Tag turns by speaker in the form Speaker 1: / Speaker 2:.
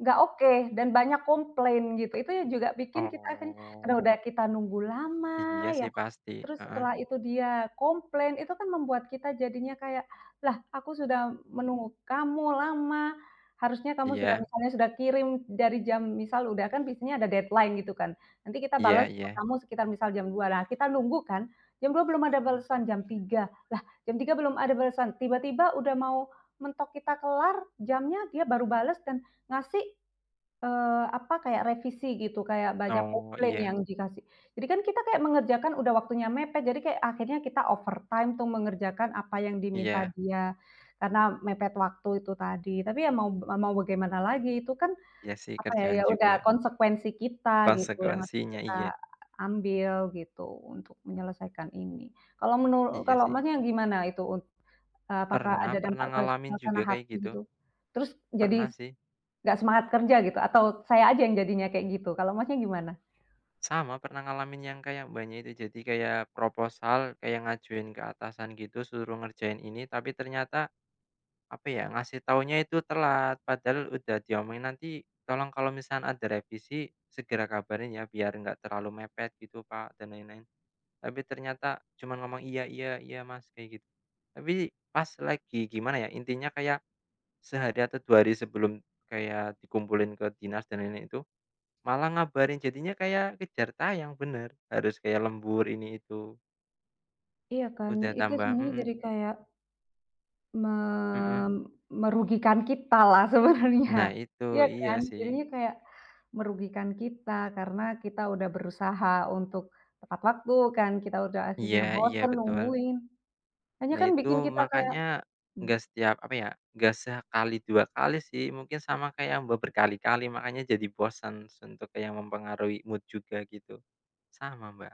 Speaker 1: Enggak oke, dan banyak komplain, gitu, itu yang juga bikin kita kan, karena
Speaker 2: Oh.
Speaker 1: udah kita nunggu lama
Speaker 2: Iya
Speaker 1: ya.
Speaker 2: sih pasti,
Speaker 1: Terus,
Speaker 2: heeh.
Speaker 1: setelah itu dia komplain, itu kan membuat kita jadinya kayak, "Lah, aku sudah menunggu kamu, lama, harusnya kamu sudah
Speaker 2: Iya.
Speaker 1: misalnya sudah kirim dari jam" misal udah kan biasanya ada deadline, gitu kan. Nanti kita
Speaker 2: Iya
Speaker 1: bales ke
Speaker 2: iya.
Speaker 1: kamu sekitar misal jam 2.00, nah, kita nunggu kan, jam 2.00, belum ada
Speaker 2: Mmm.
Speaker 1: balesan, jam 3.00, "Lah, jam tiga belum ada balesan," tiba-tiba udah mau mentok kita kelar, jamnya, dia baru bales dan ngasih, eee, apa kayak revisi gitu, kayak banyak
Speaker 2: Oh,
Speaker 1: komplain
Speaker 2: iya.
Speaker 1: yang dikasih. Jadi kan kita kayak mengerjakan, udah waktunya mepet, jadi kayak akhirnya kita overtime untuk mengerjakan apa yang diminta
Speaker 2: Iya.
Speaker 1: dia karena mepet waktu itu tadi. Tapi ya mau mau bagaimana lagi, itu kan,
Speaker 2: Iya sih,
Speaker 1: apa ya,
Speaker 2: kerjaan
Speaker 1: ya udah
Speaker 2: juga.
Speaker 1: konsekuensi kita gitu, yang harus
Speaker 2: Konsekuensinya
Speaker 1: kita
Speaker 2: iya.
Speaker 1: ambil gitu, untuk menyelesaikan ini. Kalau menuru
Speaker 2: Iya
Speaker 1: kalau
Speaker 2: sih.
Speaker 1: Masnya gimana, itu un eee, apakah
Speaker 2: Pernah
Speaker 1: ada
Speaker 2: pernah
Speaker 1: dampak ke
Speaker 2: ngalamin juga
Speaker 1: suasana
Speaker 2: kayak
Speaker 1: hati
Speaker 2: gitu.
Speaker 1: gitu? Terus,
Speaker 2: Pernah
Speaker 1: jadi
Speaker 2: sih.
Speaker 1: nggak semangat kerja gitu, atau, saya aja yang jadinya kayak gitu, kalau Masnya gimana?
Speaker 2: Sama, pernah ngalamin yang kayak Mbaknya itu, jadi kayak proposal, kayak ngajuin ke atasan gitu, suruh ngerjain ini, tapi ternyata, apa ya, ngasih taunya itu telat, padahal udah diomongin, "Nanti, tolong kalau misalkan ada revisi, segera kabarin ya, biar enggak terlalu mepet," gitu Kak dan lain-lain. Tapi ternyata cuma ngomong "Iya iya iya Mas," kayak gitu. Tapi, pas lagi gimana ya, intinya kayak sehari atau 2 hari sebelum, kayak dikumpulin ke dinas dan ini-itu, malah ngabarin jadinya kayak kejar tayang benar, harus kayak lembur ini-itu.
Speaker 1: Iya kan,
Speaker 2: Udah
Speaker 1: itu
Speaker 2: tambah
Speaker 1: sebenarnya
Speaker 2: mhm.
Speaker 1: jadi kayak me
Speaker 2: Mhm.
Speaker 1: merugikan kita lah, sebenarnya.
Speaker 2: Nah itu,
Speaker 1: Iya
Speaker 2: iya
Speaker 1: kan?
Speaker 2: sih.
Speaker 1: Jadinya kayak, merugikan kita, karena kita udah berusaha untuk tepat waktu kan, kita udah
Speaker 2: Iya
Speaker 1: akhirnya
Speaker 2: iya,
Speaker 1: bosen,
Speaker 2: betul.
Speaker 1: nungguin. Akhirnya
Speaker 2: Nah
Speaker 1: kan
Speaker 2: itu,
Speaker 1: bikin kita kayak
Speaker 2: makannya
Speaker 1: mmm.
Speaker 2: enggak setiap, apa ya, enggak sekali, dua kali sih. Mungkin sama kayak Mbak berkali-kali, makannya jadi bosan untuk yang mempengaruhi mood juga, gitu. Sama Mbak.